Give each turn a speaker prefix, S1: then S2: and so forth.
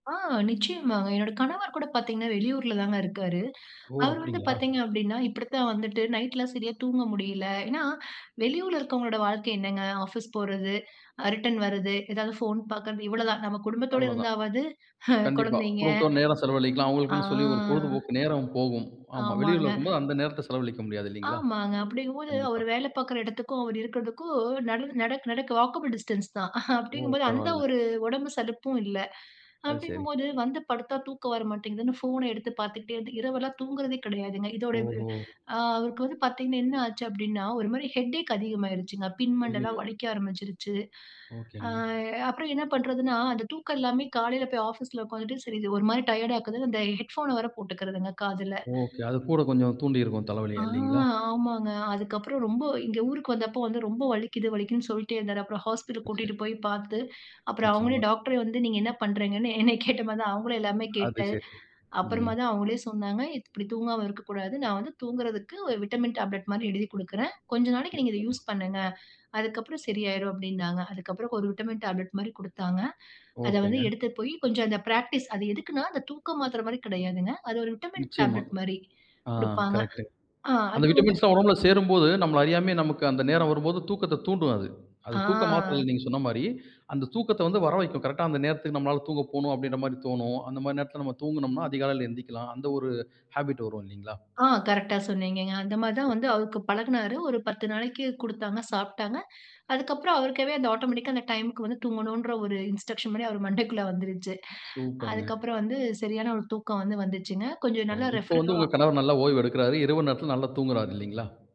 S1: ஆ நிச்சயமாங்க. என்னோட கணவர் கூட பாத்தீங்கன்னா, வெளியூர்லதாங்க இருக்காரு.
S2: ஓ!
S1: அவரு வந்து
S2: அப்டிங்ளா?
S1: பாத்தீங்க அப்டின்னா, இப்டி தான் வந்துட்டு, நைட்லாம் சரியா தூங்க முடியல. ஏன்னா வெளியூர்ல இருக்கவங்களுடைய வாழ்க்கை என்னாங்க, ஆஃபீஸ் போறது, அ ரிட்டர்ன் வர்றது, ஏதாவது போன் பாக்கறது இவ்வளவு தாங்க. நம்ம குடும்பத்தோட
S2: அவ்வளதான்.
S1: இருந்தாவாது
S2: கண்டிப்பா.
S1: கொழந்தைங்க
S2: குடும்பத்தோட நேரம் செலவழிக்கலாம்,
S1: ஆ.
S2: அவுங்களுக்குன்னு சொல்லி ஒரு பொழுதுபோக்கு நேரம் போகும். ஆமா. வெளியூர்ல
S1: ஆமாங்க.
S2: இருக்கும்போது, அந்த நேரத்த செலவழிக்க முடியாது இல்லைங்ளா?
S1: ஆமாங்க, அப்படிங்கும்போது
S2: கண்டிப்பா.
S1: அவரு வேல பாக்கிற எடத்துக்கும், அவர் இருக்றதுக்கும், நல்லு நடக்க நடக்க வாக்கபிள் டிஸ்டன்ஸ் தான்.
S2: ஓ!
S1: அப்டிங்கும்போது, அந்த
S2: பரவால்ல.
S1: ஒரு ஒடம்பு சலுப்பும் இல்ல.
S2: அது சரி.
S1: அப்டிங்கும்போது, வந்து படுத்தா தூக்கம் வர மாட்டேங்குதுன்னு ஃபோன எடுத்து பாத்துக்கிட்டே இருந்து, இரவெல்லாம் தூங்குறதே கெடையாதுங்க. இதோடைய வ்
S2: ஓஹோ!
S1: அ அவருக்கு வந்து பாத்தீங்கன்னா என்ன ஆச்சு அப்டின்னா, ஒரு மாரி ஹெடேக் அதிகமாயிடுச்சுங்க. பின் மண்டலாம்
S2: அய்யய்யோ!
S1: வலிக்க ஆரம்பிச்சுருச்சு. ஆ
S2: ஓகேங்க.
S1: அப்புறம் என்ன பண்றதுன்னா, அந்த தூக்கம் இல்லாமயே காலையில போய் ஆஃபீஸ்ல உக்காந்துட்டு, சரி இது ஒரு மாரி டயர்ட் ஆக்குதுன்னு, அந்த ஹெட்ஃபோன வேற போட்டுக்கிறதுங்க, காதுல.
S2: ஒகே. அது கூட கொஞ்சம் தூண்டியிருக்கும்,
S1: ஆ
S2: தலைவலிய. இல்லைங்ளா?
S1: ஆமாங்க. அதுக்கப்புறம் ரொம்ப இங்க ஊருக்கு வந்தப்போ வந்து ரொம்ப வலிக்குது வலிக்குதுன்னு சொல்லிட்டே இருந்தாரு. அப்புறம் ஹாஸ்பிட்டல்
S2: ம். சரி.
S1: கூட்டிட்டு போய் பாத்து, அப்புறம் அவுங்களே
S2: நிச்சயமா.
S1: டாக்டரே வந்து, நீங்க என்னா பண்றீங்கன்னு? என்னய கேட்ட மாதிரி தான், அவங்களையும் எல்லாமே
S2: அது
S1: கேட்டு,
S2: சரி. ம்.
S1: அப்புறமா தான் அவுங்களே சொன்னாங்க. "இப்டி தூங்காம இருக்கக்கூடாது. நான் வந்து தூங்குறதுக்கு ஒரு விட்டமின் டேப்லெட் மாரி எழுதிக் குடுக்குறேன். கொஞ்ச நாளைக்கு நீங்க இதை
S2: நிச்சயமா.
S1: யூஸ் பண்ணுங்க. அதுக்கப்புறம் சரியாயிரும்" அப்டின்னாங்க. அதுக்கப்புறம் ஒரு விட்டமின் டேப்லெட் மாரி குடுத்தாங்க. அத வந்து
S2: ஒகேங்க.
S1: எடுத்துட்டு போயி, கொஞ்சம் அந்த பிராக்டிஸ் அது எதுக்குன்னா அந்த தூக்க மாத்திரை மாரி கெடையாதுங்க. அது ஒரு விட்டமின்
S2: நிச்சயமா.
S1: டேப்லெட் மாரி
S2: ஆ
S1: குடுப்பாங்க.
S2: கரெக்ட்டு.
S1: ஆ
S2: அந்த
S1: அது வந்து
S2: விட்டமின்ஸ்லாம் ஒடம்புல சேரும்போது, நம்மள அறியாமயே நமக்கு அந்த நேரம் வரும்போது, தூக்கத்த தூண்டும் அது. அது தூக்க
S1: ஆ.
S2: மாத்திரையில்ல, நீங்க சொன்ன மாரி, அந்த தூக்கத்த வந்து வர வழைக்கும். கரெக்ட்டா அந்த நேரத்துக்கு நம்மளால தூங்க போணும் அப்டின்ற மாரி தோணும். அந்த மாரி நேரத்ல நம்ம தூங்கினோம்னா, அதிகாலையில எந்திக்கலாம். அந்த ஒரு ஹாபிட் வரும் இல்லைங்ளா?
S1: ஆ கரெக்ட்டா சொன்னீங்கங்க. அந்த மாரி தான்
S2: சரி.
S1: வந்து அவருக்கு பழகுனாரு. ஒரு 10 நாளைக்கு குடுத்தாங்க சாப்பிட்டாங்க. அதுக்கப்புறம் அவருக்காவே அந்த ஆட்டோமேட்டிக்கா அந்த டைம்க்கு வந்து, தூங்கணுன்ற ஒரு இன்ஸ்ட்ரக்ஷன் மாரி அவர் மண்டைக்குள்ள வந்துருச்சு.
S2: சூப்பர்ங்க.
S1: அதுக்கப்புறம் வந்து சரியான ஒரு தூக்கம் வந்து வந்துச்சுங்க. கொஞ்சம்
S2: ஓ!
S1: நல்லா
S2: இப்ப
S1: ரெஃப்ரிர
S2: வந்து உங்க
S1: அ
S2: கணவர் நல்லா ஓய்வு எடுக்கிறாரு. இரவு நேரத்துல நல்லா தூங்குகிறாரு இல்லிங்ளா?